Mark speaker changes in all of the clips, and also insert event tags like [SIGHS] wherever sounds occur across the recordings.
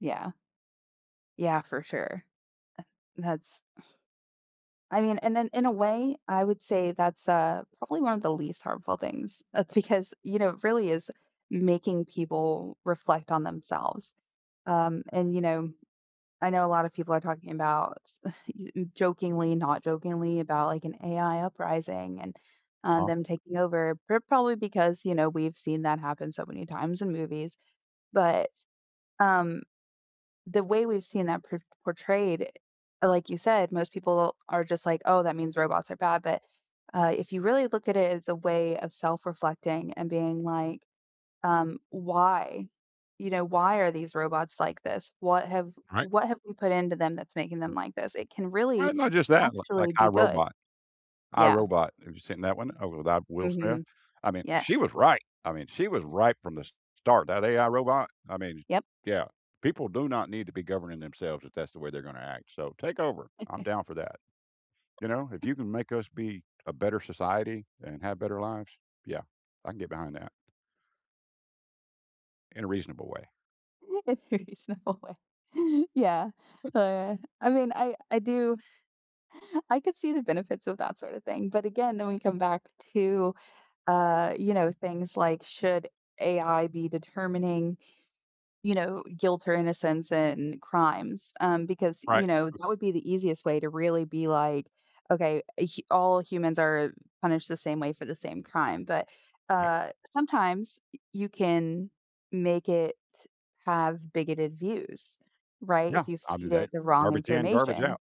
Speaker 1: Yeah. Yeah, for sure, eh That's [SIGHS] I mean, and then in a way, I would say that's, uh, probably one of the least harmful things, that's because, you know, it really is making people reflect on themselves. Um, and, you know, I know a lot of people are talking about, sc [SCOFFS] e jokingly, not jokingly about, like, an AI uprising, and, um,
Speaker 2: Uh-huh.
Speaker 1: them taking over, pro probably because, you know, we've seen that happen so many times in movies. But, um, the way we've seen that por portrayed, uh, like you said, most people are just like, "Oh, that means robots are bad," but, uh, if you really look at it as a way of self-reflecting and being like, um, "Why?" You know, "Why are these robots like this? What have
Speaker 2: Right.
Speaker 1: what have we put into them that's making them like this?" It can
Speaker 2: Why
Speaker 1: really,
Speaker 2: not just that? Li like,
Speaker 1: actually
Speaker 2: I,
Speaker 1: be good.
Speaker 2: Robot. I,
Speaker 1: Yeah.
Speaker 2: Robot, have you seen that one? Oh, with, ah, Will Smith?
Speaker 1: Mhm.
Speaker 2: I mean, she
Speaker 1: Yes.
Speaker 2: was right! I mean, she was right from the s start, that AI robot I mean, sh
Speaker 1: Yep.
Speaker 2: Yeah, people do not need to be governing themselves if that's the way they're gonna act, so, "Take over, I'm
Speaker 1: [CHUCKLES]
Speaker 2: down for that." You know, "If
Speaker 1: [GIGGLES]
Speaker 2: you can make us be a better society and have better lives? Yeah, I can get behind that." In a reasonable way.
Speaker 1: In a reasonable way. Yeah, oh yeah. I mean, I I do I could see the benefits of that sorta thing, but again, then we come back to, uh, you know, things like, "Should AI be determining, you know, guilt or innocence in crimes?" Um, because,
Speaker 2: Right.
Speaker 1: you know, that would be the easiest way to really be like, "Okay, eh, h all humans are punished the same way for the same crime," but,
Speaker 2: Right.
Speaker 1: uh, sometimes y you can make it have bigoted views, right,
Speaker 2: Yeah,
Speaker 1: if you
Speaker 2: I mean,
Speaker 1: feed
Speaker 2: they
Speaker 1: it the wrong
Speaker 2: "Garbage in, garbage
Speaker 1: information.
Speaker 2: out."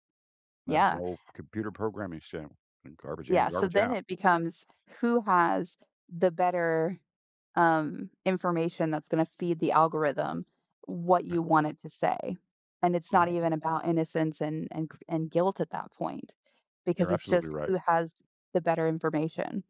Speaker 2: That's the
Speaker 1: Yeah
Speaker 2: whole computer programming saying, "Garbage in,
Speaker 1: Yeah, so,
Speaker 2: garbage
Speaker 1: then
Speaker 2: out."
Speaker 1: it becomes, "Who has the better, um, information that's gonna feed the algorithm what
Speaker 2: M
Speaker 1: you want it to say?" And it's not
Speaker 2: Right?
Speaker 1: even about innocence and and cr and guilt at that point,
Speaker 2: You're
Speaker 1: because it's
Speaker 2: absolutely
Speaker 1: just,
Speaker 2: right.
Speaker 1: "Who has the better information?"